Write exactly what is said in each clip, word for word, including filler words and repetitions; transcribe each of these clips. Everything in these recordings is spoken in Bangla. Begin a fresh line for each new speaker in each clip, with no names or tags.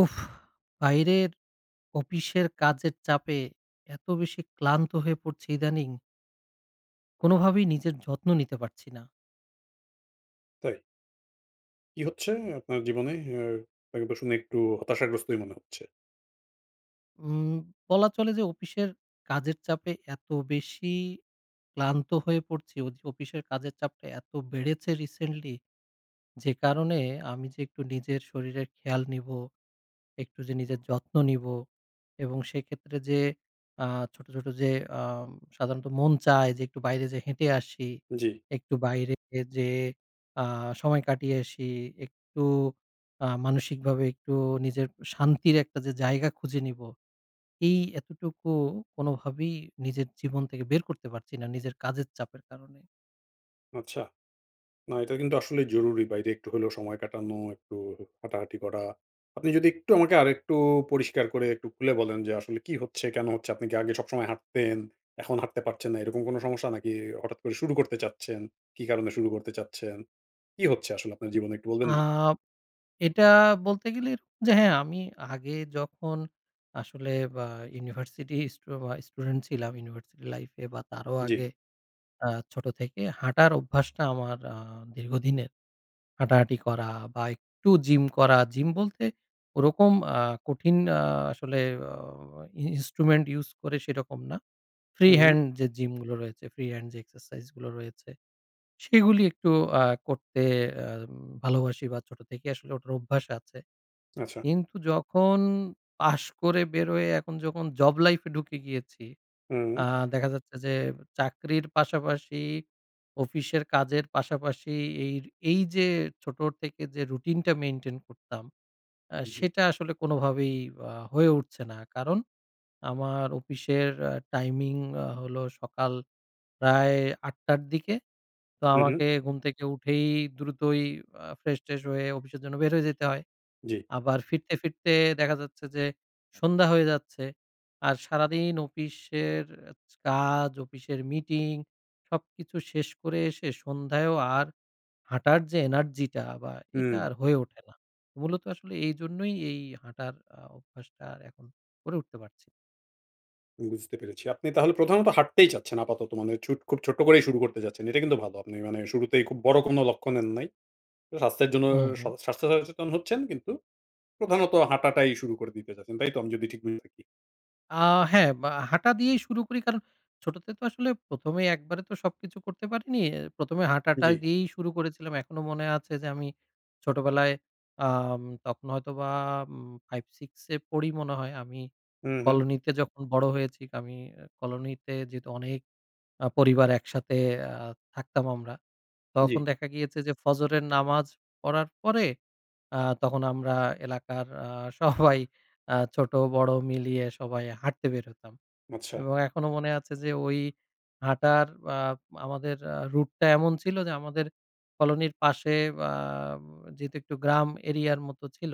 উফ! বাইরের অপিশের কাজের চাপে এত বেশি ক্লান্ত হয়ে পড়ছি ইদানিং কোনোভাবেই নিজের যত্ন নিতে পারছি না।
তাই? কি হচ্ছে এ আপনার জীবনে আর, আরেকবার শুনে একটু হতাশাগ্রস্তই মনে হচ্ছে।
উম বলা চলে যে অপিশের কাজের চাপে এত বেশি ক্লান্ত হয়ে পড়ছি। উজ অপিশের কাজের চাপটা এত বেড়েছে রিসেনলি যে কারণে আমি যে একটু নিজের শরীরের খেয়াল নিবো, একটু যে নিজের যত্ন নিবো। এবং সেক্ষেত্রে যে আ ছোট, ছোট যে আ সাধারণত মন চায় যে একটু বাইরে যায় হেঁটে আসি।
জ্বী।
একটু বাহিরে এ যেয়ে আ সময় কাটিয়ে আসি, একটু আ মানসিকভাবে একটু নিজের শান্তির একটা যে জায়গা খুঁজে নিবো। এই এতটুকু কোনভাবেই নিজের জীবন থেকে বের করতে পারছি না। নিজের কাজের চাপের কারণে।
আচ্ছা। না এটা কিন্তু আসলেই জরুরি, বাইরে একটু হলেও সময় কাটানো, একটু হু হাঁটাহাঁটি করা। আপনি যদি একটু আমাকে আরেকটু পরিষ্কার করে একটু খুলে বলেন যে আসলে কি হচ্ছে? কেন হচ্ছে? আপনি কি আগে সবসময় হাঁটতেন? এখন হাঁটতে পারছেন না? এরকম কোন সমস্যা নাকি? হঠাৎ করে শুরু করতে চাচ্ছেন? কি কারণে শুরু করতে চাচ্ছেন? কি হচ্ছে আসলে আপনার জীবনে একটু বলবেন
আ
নাকি?
এটা বলতে গেলের যে হ্যাঁ আমি আগে যখন আসলে বা ইউনিভার্সিটি স্টু বা স্টুডেন্ট ছিলাম ইউনিভার্সিটি লাইফ এ বা তারও
জ্বী।
আগে আ ছোট থেকে হাঁটার অভ্যাসটা আমার আ দীর্ঘদিনের। হাঁটাহাঁটি করা বা একটু জিম করা। জিম বলতে ওরকম আ কঠিন আ আসলে ও ই ইন্সট্রুমেন্ট ইউস করে সেরকম না, ফ্রি
হুম, হুম।
হ্যান্ড যে জিম গুলো রয়েছে, ফ্রি হ্যান্ড যে এক্সারসাইজ গুলো রয়েছে। সেগুলি একটু আ করতে আ ভালোবাসি বা ছোট থেকে আসলে ওটার অভ্যাস আছে।
আচ্ছা।
কিন্তু যখন পাশ করে বেরোয় এখন যখন জব লাইফ এ ঢুকে গিয়েছি,
হুম।
আ দেখা যাচ্ছে যে চাকরির পাশাপাশি, অফিসের কাজের পাশাপাশি এইর এই যে ছোট থেকে যে রুটিন টা মেইনটেইন করতাম এ
জি।
সেটা আসলে কোনভাবেই আ হয়ে উঠছে না। কারণ আমার অপিশের আ টাইমিং হলো সকাল প্রায় আটটা -র দিকে। তো
হুম, হুম।
আমাকে ঘুম থেকে উঠেই দ্রুতই আ ফ্রেশট্রেশ হয়ে অফিসের জন্য বের হয়ে যেতে হয়।
জ্বী।
আবার ফিরতে, ফিরতে দেখা যাচ্ছে যে সন্ধ্যা হয়ে যাচ্ছে আর সারাদিন অপিশের কাজ, অপিশের মিটিং সবকিছু শেষ করে এসে সন্ধ্যায়ও আর হাঁটার যে এনার্জি টা বা এটা
হুম।
আর হয়ে ওঠে না। মূলত আসলে এইজন্যই এই হাঁটার আ অভ্যাসটা এখন করে উঠতে পারছি।
বুঝতে পেরেছি, আপনি তাহলে প্রধানত হাঁটতেই চাচ্ছেন আপাতত, মানে ছুট খুব ছোট্ট করেই শুরু করতে চাচ্ছেন, এটা কিন্তু ভালো। আপনি মানে শুরুতেই খুব বড় কোনো লক্ষ্য নেন নাই। স্বাস্থ্যের জন্য,
হুম, হুম।
স্বাস্থ্য সচেতন হচ্ছেন, কিন্তু প্রধানত হাঁটাটাই শুরু করে দিতে চাচ্ছেন, তাই তো আমি যদি ঠিক বুঝে থাকি?
আ হ্যাঁ, বা হাঁটা দিয়েই শুরু করি কারণ ছোটতে তো আসলে, প্রথম এ একবারে তো সবকিছু করতে পারিনি। অ্যা প্রথম এ হাঁটাটা
জি।
দিয়েই শুরু করেছিলাম। এখনো মনে আছে যে আমি ছোটবেলায় আম তখন হয়তো বা উম ফাইভ, সিক্স এ পড়ি মনে হয়, আমি
হুম, হুম।
কলোনিতে যখন বড় হয়েছি, আমি কলোনিতে যেহেতু অনেক আ পরিবার একসাথে আ থাকতাম আমরা। তখন
জি।
দেখা গিয়েছে যে ফজরের নামাজ পড়ার পরে, আ তখন আমরা এলাকার আ সবাই আ ছোট বড় মিলিয়ে সবাই হাঁটতে বের হতাম।
আচ্ছা।
এবং এখনো মনে আছে যে ঐ হাঁটার আ আমাদের আ রুট টা এমন ছিল যে আমাদের কলোনির পাশে আ যেহেতু একটু গ্রাম area র মতো ছিল,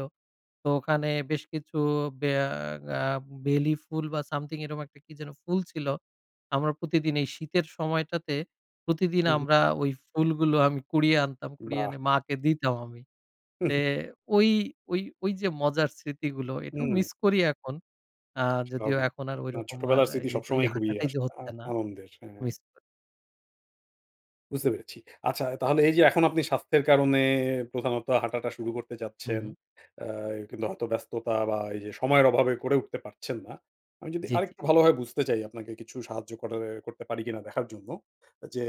তো ওখানে বেশ কিছু বেয়া আ বেলি ফুল বা something, এরকম একটা কি যেন ফুল ছিল। আমরা প্রতিদিন এই শীতের সময়টাতে, প্রতিদিন
উহুম।
আমরা ঐ ফুলগুলো আমি কুড়িয়ে আনতাম, কুড়িয়ে এনে
বাহ!
মাকে দিতাম আমি। তে
উহুম।
ঐ ঐ ঐ যে মজার স্মৃতিগুলো এটাও
হুম।
মিস করি এখন। আ যদিও
স্বাভাবিক।
এখন আর
না,
ঐরকম আর
ছোটবেলার স্মৃতি
এই ওই
সবসময়ই খুবই
হাঁটাটাই যে
আসলে আ
হচ্ছে না।
আনন্দের, হ্যাঁ।
মিস করি।
বুঝতে পেরেছি। আচ্ছা, তাহলে এই যে এখন আপনি স্বাস্থ্যের কারণে প্রধানত হাঁটাটা শুরু করতে
হু,
চাচ্ছেন,
হু।
আ কিন্তু হয়তো ব্যস্ততা বা এইযে সময়ের অভাবে করে উঠতে পারছেন না। আমি যদি
জ্বি, জ্বি।
আরেকটু ভালোভাবে বুঝতে চাই, আপনাকে কিছু সাহায্য করার এ্যা করতে পারি কিনা দেখার জন্য। যে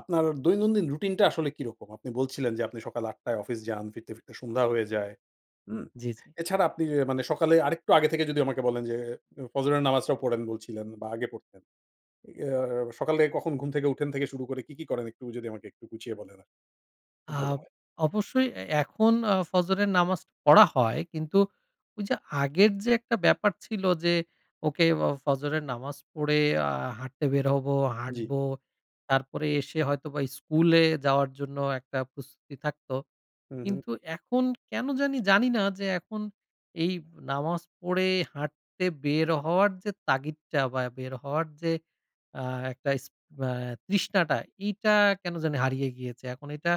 আপনার দৈনন্দিন রুটিনটা আসলে কিরকম? আপনি বলছিলেন যে, আপনি সকাল আট টায় অফিস যান, ফিরতে ফিরতে সন্ধ্যা হয়ে যায়। হুম!
জ্বি, জ্বি।
এছাড়া. আপনি অ্যা মানে সকালে আরেকটু আগে থেকে যদি আমাকে বলেন যে, ফজরের নামাজটা পড়েন বলছিলেন বা আগে পড়তেন। এ অ্যা সকালে কখন ঘুম থেকে উঠেন থেকে শুরু করে কি কি করেন, একটু যদি আমাকে একটু গুছিয়ে বলেন আরকি, খুব ভালো
আব
হয়।
অবশ্যই, এ্যা এখন আ ফজরের নামাজ পড়া হয়। কিন্তু ঐ যে আগের যে একটা ব্যাপার ছিল যে, "ওকে, অ ফজরের নামাজ পড়ে আ হাঁটতে বের হবো,
জ্বি।
হাঁটব।" তারপরে এসে হয়তোবা স্কুলে যাওয়ার জন্য একটা প্রস্তুতি থাকত।
হু, হু।
কিন্তু এখন কেনো জানি জানিনা, যে এখন এই নামাজ পড়ে হাঁটতে বের হওয়ার যে তাগিদটা বা বের হওয়ার যে আ একটা ইস অ্যা তৃষ্ণাটা, এইটা কেনো জানি হারিয়ে গিয়েছে। এখন এইটা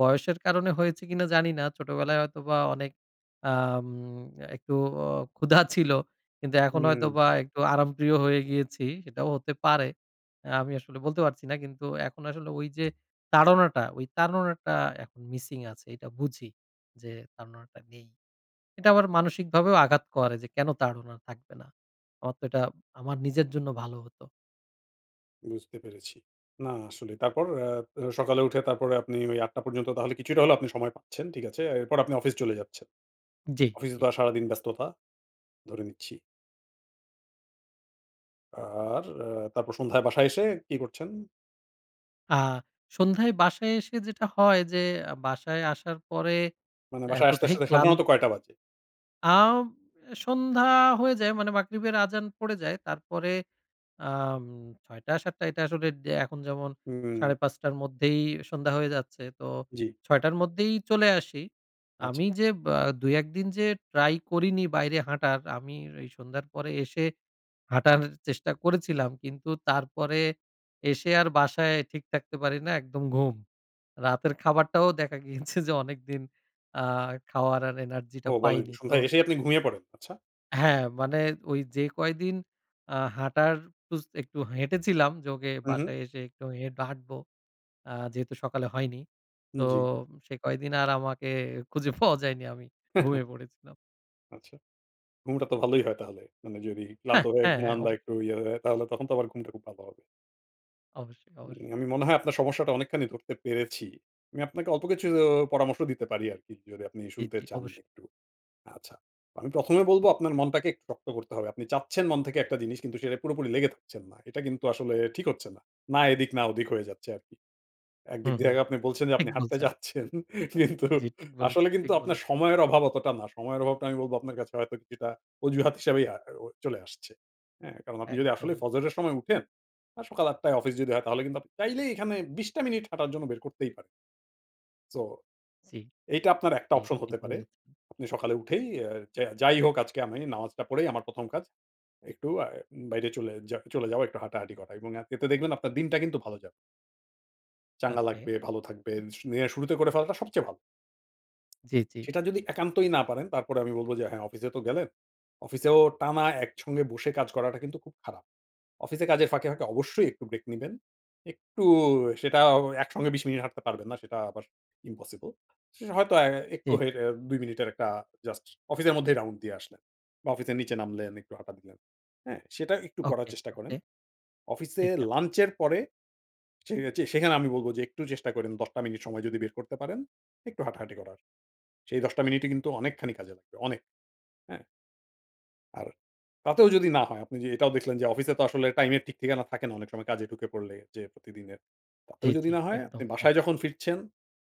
বয়সের কারণে হয়েছে কিনা জানি না। ছোটবেলায় হয়তোবা অনেক আম একটু ক্ষুধা ছিল। কিন্তু এখন
হুম।
হয়তোবা একটু আরামপ্রিয় হয়ে গিয়েছি। সেটাও হতে পারে। অ্যা আমি আসলে বলতে পারছি না। কিন্তু এখন আসলে ওই যে তাড়নাটা, ঐ তাড়নাটা এখন মিসিং আছে। এটা বুঝি যে, তাড়নাটা নেই। এটা আমার মানসিকভাবেও আঘাত করে যে, কেনো তাড়না থাকবে না? আমার তো এটা আমার নিজের জন্য ভালো হতো।
বুঝতে পেরেছি। না আসলেই। তারপর আ সকালে উঠে তারপরে আপনি ঐ আটটা পর্যন্ত তাহলে কিছুটা হলেও আপনি সময় পাচ্ছেন। ঠিক আছে। এরপর আপনি অফিস চলে যাচ্ছেন।
জ্বী,
অফিসে তো
জ্বী।
আর সারাদিন ব্যস্ততা, ধরে নিচ্ছি। আর আ তারপর সন্ধ্যায় বাসায় এসে কি করছেন?
আ সন্ধ্যায় বাসায় এসে যেটা হয় যে, বাসায় আসার পরে,
মানে বাসায় আসতে,
এতটাই
আসতে
ক্লান
সাধারণত কয়টা বাজে?
আ সন্ধ্যা হয়ে যায়, মানে মাগরিবের আজান পড়ে যায়। তারপরে আম ছয়টা, সাতটা এটা আসলে এখন যেমন, সাড়ে
হুম।
পাঁচটার মধ্যেই সন্ধ্যা হয়ে যাচ্ছে। তো
জ্বি।
ছয়টার মধ্যেই চলে আসি।
আচ্ছা।
আমি যে, ব্যা ২, দুই, এক দিন যে try করিনি বাইরে হাঁটার, আমি ঐ সন্ধ্যার পরে এসে, হাঁটার চেষ্টা করেছিলাম। কিন্তু তারপরে, এসে আর বাসায় ঠিক থাকতে পারি না, একদম ঘুম। রাতের খাবারটাও দেখা গিয়েছে যে অনেকদিন, আ খাওয়ার আর energy
ও
টা
বলেন কি!
পাইনি। তো
সন্ধ্যায় এসেই আপনি ঘুমিয়ে পড়েন? আচ্ছা।
হ্যাঁ। মানে ঐ যে কয়দিন, আ হাঁটার উস একটু হেঁটেছিলাম, যে ওকে
হুম, হুম।
বাসায় এসে একটু হেট হাঁটব, আ যেহেতু সকালে হয়নি, তো
জ্বি।
সে কয়েকদিন আর আমাকে খুঁজে পাওয়া যায়নি। আমি ঘুমিয়ে পড়েছিলাম।
আচ্ছা? ঘুমটা তো ভালই হয় তাহলে? মানে যদি ক্লান্ত
হ্যাঁ,
হয়ে
হ্যাঁ, হ্যাঁ,
ঘুমান
অব
বা একটু ইয়ে হয়ে, তাহলে তখন তো আবার ঘুমটা খুব ভালো হবে।
অবশ্যই,
উম আমি
অবশ্যই।
মনে হয় আপনার সমস্যাটা অনেকখানি ধরতে পেরেছি। আমি আপনাকে অল্প কিছু অ পরামর্শ দিতে পারি আর কি যদি আপনি
জি,
শুনতে
জি,
চান
অবশ্যই।
একটু? আচ্ছা। আমি প্রথমে বলবো আপনার মনটাকে একটু শক্ত করতে হবে। আপনি চাচ্ছেন মন থেকে একটা জিনিস কিন্তু সেটা পুরোপুরি লেগে থাকছেন না। এটা কিন্তু আসলে ঠিক হচ্ছে না। না এদিক না ওদিক হয়ে যাচ্ছে আর কি। একদিক
হুম, হুম,
জায়গায় আপনি বলছেন যে
ঠিক
আপনি হাঁটতে
বলছেন।
চাচ্ছেন। কিন্তু,
জি, ঠিক
আসলে
বলেছেন,
কিন্তু
ঠিক
আপনার
বলেছেন।
সময়ের অভাব অতটা না। সময়ের অভাবটা আমি বলবো আপনার কাছে হয়তো কিছুটা অজুহাত হিসেবেই আ অ চলে আসছে। হ্যাঁ? কারণ আপনি যদি আসলে
একদম।
ফজরের সময় উঠেন, আ সকাল আটটায় অফিস যদি হয় তাহলে কিন্তু আপনি চাইলেই এখানে বিশটা মিনিট হাঁটার জন্য বের করতেই পারেন। So,
জি।
এইটা আপনার একটা
জি,
option হতে
ঠিক
পারে।
বলেছেন।
আপনি সকালে উঠেই আ যা যাই হোক আজকে আমি নামাজটা পড়েই আমার প্রথম কাজ, একটু আ বাইরে চলে যা চলে যাওয়া, একটু হাঁটাহাঁটি করা এবং আপনি এতে দেখবেন আপনার দিনটা কিন্তু ভালো যাবে। চাঙ্গা
ওকে।
লাগবে, ভালো থাকবেন, দিনের শুরুতে করে ফেলাটা সবচেয়ে ভালো।
জি, জি।
সেটা যদি একান্তই না পারেন, তারপরেও আমি বলবো যে হ্যাঁ অফিসে তো গেলেন। অফিসেও টানা একসঙ্গে বসে কাজ করাটা কিন্তু খুব খারাপ। অফিসে কাজের ফাঁকে, ফাঁকে অবশ্যই একটু ব্রেক নিবেন। একটু সেটাও একসঙ্গে বিশ মিনিট হাঁটতে পারবেন না। সেটা আবার impossible. সে হয়তো অ্যা একটু
জি, জি।
হেঁটে দুই মিনিটের একটা জাস্ট অফিসের মধ্যেই round দিয়ে আসলেন। বা অফিসের নিচে নামলেন, একটু হাঁটা দিলেন। হ্যাঁ? সেটাও একটু করার
ওকে,
চেষ্টা করেন।
ওকে।
অফিসে
ঠিক আছে।
লাঞ্চ এর পরে, যে চে সেখানে আমি বলবো যে একটু চেষ্টা করেন দশ টা মিনিট সময় যদি বের করতে পারেন, একটু হাঁটাহাঁটি করার। সেই দশ টা মিনিটই কিন্তু অনেকখানি কাজে লাগবে অনেক। হ্যাঁ? আর তাতেও যদি না হয়, আপনি যে এটাও দেখলেন যে অফিসে তো আসলে টাইম এর ঠিক-ঠিকানা থাকে না অনেক সময় কাজে ঢুকে পড়লে, যে প্রতিদিনের।
জি,
তাতেও যদি
জি,
না হয়, আপনি
একদম, একদম।
বাসায় যখন ফিরছেন,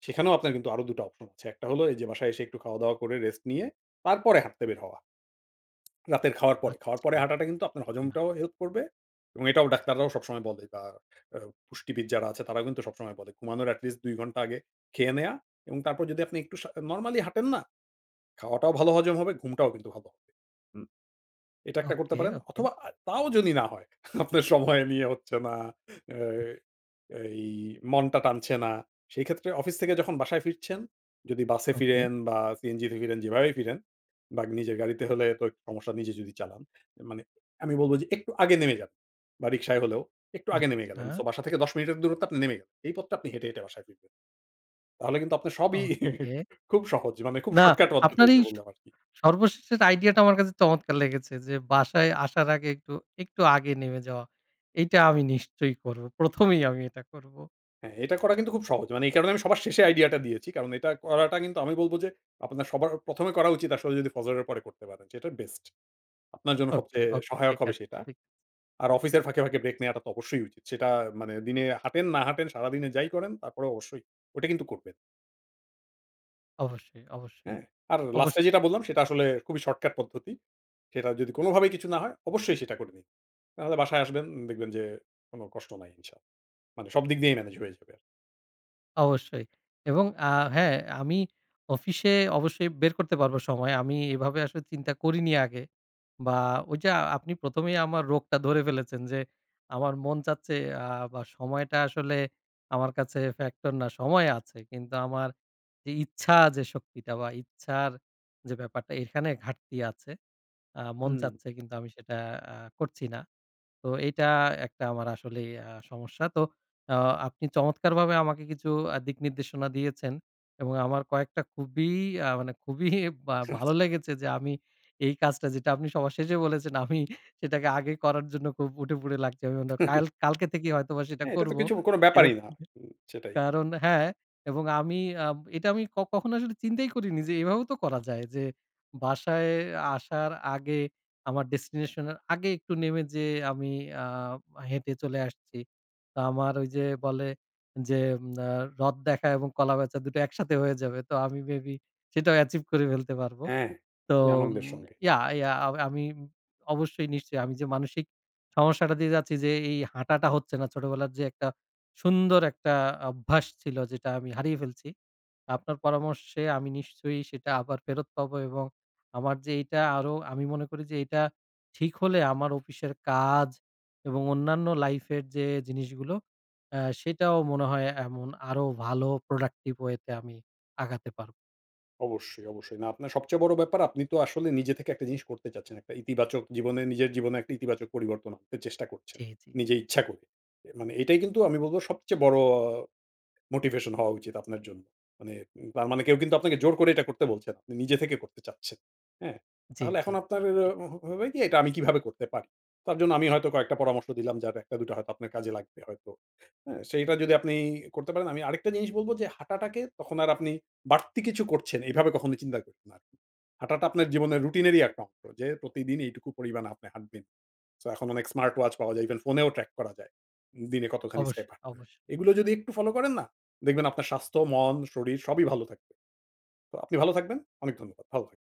সেখানেও আপনার কিন্তু আরো দু টা অপশন আছে। এক টা হলো, এই যে বাসায় এসে একটু খাওয়া-দাওয়া করে, রেস্ট নিয়ে, তারপরে হাঁটতে বের হওয়া। রাতের খাওয়ার পরে। খাওয়ার পরে
আচ্ছা।
হাঁটাটা কিন্তু আপনার
ইনাফ।
হজমটাও হেল্প করবে। এবং এটাও ডাক্তাররাও সবসময় বলে বা আ পুষ্টিবিদ যারা আছে, তারাও কিন্তু সবসময় বলে ঘুমানোর এটলিস্ট দুই ঘন্টা আগে খেয়ে নেওয়া এবং তারপর যদি আপনি একটু সা নরমালি হাঁটেন না, খাওয়াটাও ভালো হজম হবে, ঘুমটাও কিন্তু ভালো হবে। হুম। এটা এক টা করতে
ওকে,
পারেন।
ওকে।
অথবা, আ তাও যদি না হয়, আপনার সময় নিয়ে হচ্ছে না, এ্যা এই মনটা টানছে না, সেই ক্ষেত্রে অফিস থেকে যখন বাসায় ফিরছেন, যদি বাসে
ওকে।
ফিরেন বা সিএনজি তে ফিরেন, যেভাবেই ফিরেন বা নিজের গাড়িতে হলে তো একটু সমস্যা নিজে যদি চালান, মানে আমি বলব যে একটু আগে নেমে যান বা রিক্সায় হলেও, একটু আগে নেমে গেলেন।
আচ্ছা।
সো, বাসা থেকে দশ মিনিটের দূরত্বে আপনি নেমে গেলেন। এই পথটা আপনি হেঁটে, হেঁটে বাসায় ফিরবেন। তাহলে কিন্তু আপনার সবই
ওকে।
খুব সহজে, মানে খুব
না,
শর্টকাট
আপনার
পদ্ধতিতে
এই
বললাম আরকি!
সর্বশেষের আইডিয়াটা আমার কাছে চমৎকার লেগেছে, যে বাসায় আসার আগে একটু, একটু আগে নেমে যাওয়া। এইটা আমি নিশ্চয়ই করব। প্রথম এই আমি এটা করবো।
হ্যাঁ, এটা করা কিন্তু খুব সহজ। মানে এই কারণে আমি সবার শেষে আইডিয়াটা দিয়েছি। কারণ এটা করাটা কিন্তু আমি বলব যে, আপনার সবার প্রথমে করা উচিত আসলে যদি ফজরের পরে করতে পারেন। সেটা best. আপনার জন্য
ওকে,
সবচেয়ে
ওকে,
সহায়ক
ঠিক
হবে
আছে,
সেটা।
ঠিক
আর অফিসের ফাঁকে, ফাঁকে ব্রেক নেয়াটা তো অবশ্যই উচিত। সেটা মানে দিনে হাঁটেন, না হাঁটেন, সারাদিনে যাই করেন, তারপরেও অবশ্যই ওটা কিন্তু করবেন।
অবশ্যই, অবশ্যই।
হ্যাঁ, আর
অবশ
last এ যেটা বললাম সেটা আসলে খুবই শর্টকাট পদ্ধতি। সেটা যদি কোনোভাবেই কিছু না হয়, অবশ্যই সেটা করবেন। নাহলে বাসায় আসবেন, দেখবেন যে কোনো কষ্ট নাই ইনশাল্লাহ। মানে সবদিক দিয়েই manage হয়ে যাবে।
অবশ্যই এবং আ হ্যাঁ, আমি অফিসে অবশ্যই বের করতে পারবো সময়। আমি এভাবে আসলে চিন্তা করিনি আগে। বা ঐযে আপনি প্রথমেই আমার রোগটা ধরে ফেলেছেন যে আমার মন চাচ্ছে আ বা সময়টা আসলে আমার কাছে factor না, সময় আছে। কিন্তু আমার এ ইচ্ছা যে শক্তিটা বা ইচ্ছার যে ব্যাপারটা, এখানে ঘাটতি আছে। আ মন
হুম।
চাচ্ছে কিন্তু আমি সেটা আ করছি না। তো এইটা একটা আমার আসলেই আ সমস্যা। তো অ আপনি চমৎকারভাবে আমাকে কিছু আ দিকনির্দেশনা দিয়েছেন। এবং আমার কয়েকটা খুবই আ মানে খুবই বা ভালো
আচ্ছা।
লেগেছে যে আমি এই কাজটা যেটা আপনি সবার শেষে বলেছেন, আমি সেটাকে আগে করার জন্য খুব উঠেপড়ে লাগছি। কাল কালকে থেকেই হয়তোবা সেটা
হ্যাঁ, এটা তো
করবো।
কিছু, কোনো ব্যাপারই না।
[unintelligible]
সেটাই।
কারণ হ্যাঁ, এবং আমি আ এটা আমি ক কখনো আসলে চিন্তাই করিনি যে এভাবেও তো করা যায় যে বাসায় আসার আগে আমার destination এর আগে একটু নেমে যেয়ে আমি আ হেঁটে চলে আসছি। তা আমার ঐ যে বলে যে আ রথ দেখা এবং কলা বেচা, দুটো একসাথে হয়ে যাবে। তো আমি may be সেটাও achieve করে ফেলতে পারবো।
হ্যাঁ।
তো
খুবই আনন্দের সঙ্গে।
ইয়া ইয়া আ আমি অবশ্যই নিশ্চয়ই আমি যে মানসিক সমস্যাটা দিয়ে যাচ্ছি যে এই হাঁটাটা হচ্ছে না ছোটবেলার যে একটা সুন্দর একটা অভ্যাস ছিল যেটা আমি হারিয়ে ফেলছি। আপনার পরামর্শে আমি নিশ্চয়ই সেটা আবার ফেরত পাবো এবং আমার যে এইটা আরো, আমি মনে করি যে এইটা ঠিক হলে আমার অফিসের কাজ এবং অন্যান্য লাইফ এর যে জিনিসগুলো, অ্যা সেটাও মনে হয় এমন আরো ভালো productive way তে আমি আগাতে পারবো।
অবশ্যই, অবশ্যই। না আপনার সবচেয়ে বড় ব্যাপার আপনি তো আসলে নিজে থেকে একটা জিনিস করতে চাচ্ছেন। একটা ইতিবাচক জীবনে নিজের জীবনে একটা ইতিবাচক পরিবর্তন আনতে চেষ্টা করছেন,
জ্বী, জ্বী,
নিজে
জ্বী।
ইচ্ছা করে। মানে এটাই কিন্তু আমি বলবো সবচেয়ে বড় motivation হওয়া উচিত আপনার জন্য। মানে, তার মানে কেউ কিন্তু আপনাকে জোর করে এটা করতে বলছে না। আপনি নিজে থেকে করতে চাচ্ছেন, হ্যাঁ?
জ্বী,
তাহলে এখন
জ্বী,
আপনার এ
জ্বী।
হবে কি এটা আমি কিভাবে করতে পারি। তার জন্য আমি হয়তো কয়েকটা পরামর্শ দিলাম যার একটা, দুইটা হয়তো আপনার কাজে লাগবে হয়তো। হ্যাঁ। সেইটা যদি আপনি করতে পারেন আমি আরেকটা জিনিস বলবো যে হাঁটাটাকে তখন আর আপনি বাড়তি কিছু করছেন, এইভাবে কখনো চিন্তা করবেন না আর। হাঁটাটা আপনার জীবনের রুটিনেরই একটা অংশ যে প্রতিদিনই এইটুকু পরিমাণ আপনি হাঁটবেন। So এখন অনেক স্মার্ট-ওয়াচ পাওয়া যায়। Even ফোনেও track করা যায়, দিনে কতখানি স্টেপ
অবশ্যই,
হাঁটলেন।
অবশ্যই।
এগুলো যদি একটু ফলো করেন না, দেখবেন আপনার স্বাস্থ্য, মন, শরীর সবই ভালো থাকবে। তো আপনি ভালো থাকবেন। অনেক ধন্যবাদ। ভালো থাক